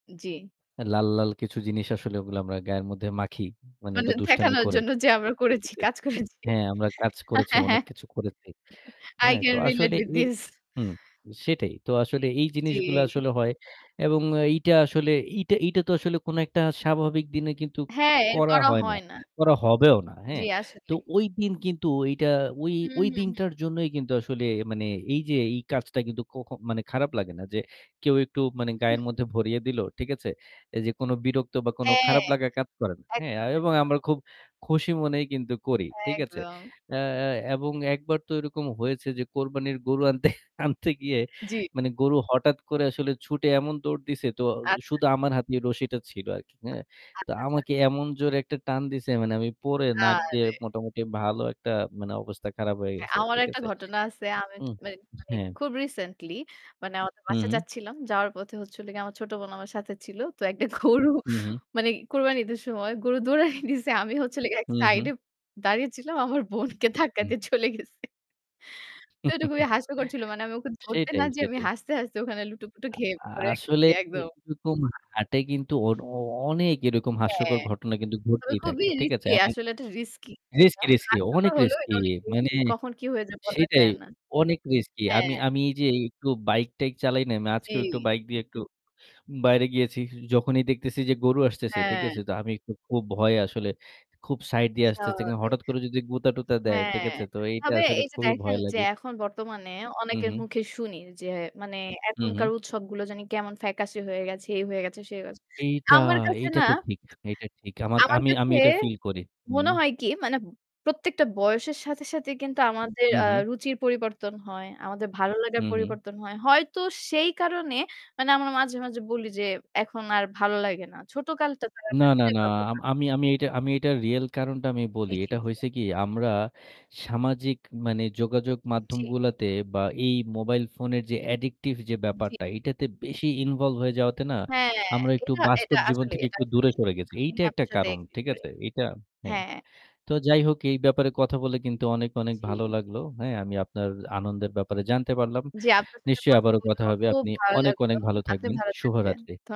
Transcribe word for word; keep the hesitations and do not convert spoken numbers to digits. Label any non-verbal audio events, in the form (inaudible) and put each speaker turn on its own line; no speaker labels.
জি।
হ্যাঁ, লাল, লাল কিছু জিনিস আসলে ওগুলো আমরা গায়ের মধ্যে মাখি। মানে
মানে
ওটা দুষ্টামি
থেকানর
করে।
জন্য যে আমরা
ঠিক
করেছি,
আছে?
কাজ করেছি।
হ্যাঁ, আমরা কাজ
হ্যাঁ,
করেছি,
হ্যাঁ,
অনেক
হ্যাঁ।
কিছু করেছি,
i
হ্যাঁ? তো
can relate
আসলে
with
এই
this.
হুম, সেটাই। তো আসলে এই জিনিসগুলা
জি।
আসলে হয় এবং এইটা আসলে এইটা এইটা তো আসলে কোনো একটা স্বাভাবিক দিনে কিন্তু
হ্যাঁ, এর
করা
করা
হয় না।
হয় না।
করা হবেও না।
জি,
হ্যাঁ? তো
আসলেই।
ওই দিন কিন্তু এইটা ওই
হু,
ওই
হু, হু।
দিনটার জন্যই কিন্তু আসলে মানে এই যে এই কাজটা কিন্তু কখ মানে খারাপ লাগে না যে কেউ একটু মানে
হু।
গায়ের মধ্যে ভরিয়ে দিল। ঠিক আছে? এই যে কোন বিরক্ত বা কোন
হ্যাঁ।
খারাপ লাগা কাজ করে না, হ্যাঁ?
একদম,
এবং
একদম।
আমরা খুব খুশি মনেই কিন্তু করি। ঠিক আছে?
একদম।
অ্যা এবং একবার তো এরকম হয়েছে যে কোরবানির গরু আনতে আনতে গিয়ে
জি।
মানে গরু হঠাৎ করে আসলে ছুটে এমন দৌড় দিছে তো
আচ্ছা।
শুধু আমার হাতে রশিটা ছিল আরকি, হ্যাঁ?
আ
তো
আচ্ছা, আচ্ছা।
আমাকে এমন জোরে একটা টান দিছে মানে আমি পড়ে নাক দিয়ে
আরে।
মোটামুটি ভালো একটা মানে অবস্থা খারাপ হয়ে
হ্যাঁ,
গেছে।
আমার
ঠিক
একটা
আছে?
ঘটনা আছে। আমি
হুম।
মানে মানে
হ্যাঁ।
খুব রিসেন্টলি। মানে আমাদের
হু,
বাসায়
হু।
যাচ্ছিলাম। যাওয়ার পথে হচ্ছিলো গিয়ে আমার ছোট বোন আমার সাথে ছিল। তো একটা গরু
হু, হু।
মানে কুরবানী ঈদের সময় গরু দৌড়ানি দিছে। আমি হচ্ছিলো গিয়ে এক
হু,
সাইডে
হু।
দাঁড়িয়ে ছিলাম। আমার বোনকে ধাক্কা
উহ।
দিয়ে চলে গেছে। তো এটা খুবই
(chuckles)
হাস্যকর ছিল। মানে আমি ওকে ধরতে না
সেইটাই,
যে আমি
সেটাই।
হাসতে, হাসতে ওখানে লুটোপুটো
আ
খেয়ে পড়ে
আসলে
গেছি একদম।
এরকম হাটে কিন্তু অ অনেক এরকম
হ্যাঁ।
হাস্যকর ঘটনা কিন্তু
তবে
ঘটতেই থাকে।
খুবই
ঠিক আছে?
রিস্কি,
এবং
আসলে এটা রিস্কি।
রিস্কি,
মানে
রিস্কি,
হাস্যকর
অনেক
হলেও
রিস্কি।
এটা অনেক
মানে
রিস্কি কখন কি হয়ে যায় বলা
সেটাই
যায় না।
অনেক রিস্কি। আমি
হ্যাঁ।
আমি যে একটু বাইক-টাইক চালাই না? আমি আজকেও একটু
জী।
বাইক দিয়ে একটু বাইরে গিয়েছি। যখনই দেখতেছি যে গরু আসতেছে। ঠিক
হ্যাঁ।
আছে? তো আমি একটু খুব ভয়ে আসলে খুব সাইড দিয়ে আসতেছি। কারন
স্বাভাবিক।
হঠাৎ করে যদি গুতা-টুতা দেয়, ঠিক
হ্যাঁ।
আছে? তো এইটা
তবে
আসলে
এই যে
খুবই
দেখেন,
ভয়
যে
লাগে।
এখন বর্তমানে
হু,
অনেকের
হু।
মুখে শুনি যে মানে
হু,
এখনকার
হু।
উৎসবগুলো জানি কেমন ফ্যাকাসে হয়ে গেছে, এই হয়ে গেছে, সেই হয়ে গেছে।
এইটা,
আমার কাছে
এইটা
না,
তো ঠিক। এইটা ঠিক। আমারক
আমার
আমি, আমি
কাছে
এটা ফিল করি। হুম।
মনে হয় কি, মানে প্রত্যেকটা বয়সের সাথে, সাথে কিন্তু আমাদের
হু,
আ
হু।
রুচির পরিবর্তন হয়। আমাদের ভালো
হু,
লাগার
হু।
পরিবর্তন হয়। হয়তো সেই কারণে মানে আমরা মাঝে, মাঝে বলি যে, "এখন আর ভালো লাগে না। ছোট কালটা তো আর
না, না,
ফিরে
না। আম
পাবোনা।"
আমি, আমি এইটা আমি এটার রিয়েল কারণটা আমি
জি,
বলি।
জি,
এটা
জি।
হইছে কি আমরা সামাজিক মানে যোগাযোগ
জি।
মাধ্যমগুলাতে বা এই মোবাইল ফোনের যে addictive যে
জি।
ব্যাপারটা এটাতে বেশি involved হয়ে যাওয়াতে না
হ্যাঁ,
আমরা একটু
এটা এটা
বাস্তব জীবন
আসলেই,
থেকে
এটা
একটু দূরে
আসলেই।
সরে গেছি।
আমি
এইটা একটা
আপনার সাথে
কারণ।
এগ্রি
ঠিক
করি।
আছে? এইটা হ্যাঁ।
হ্যাঁ।
তো যাই হোক এই ব্যাপারে কথা বলে কিন্তু অনেক,
উম
অনেক ভালো
জি।
লাগলো, হ্যাঁ? আমি আপনার আনন্দের ব্যাপারে জানতে পারলাম।
জি, আপনার সাথে
নিশ্চয়ই
কথা
আবারো কথা
বলেও
হবে।
খুব
আপনি
ভালো
অনেক,
লাগলো।
অনেক ভালো
আপনি
থাকবেন।
ভালো থাকবেন।
শুভরাত্রি।
ধ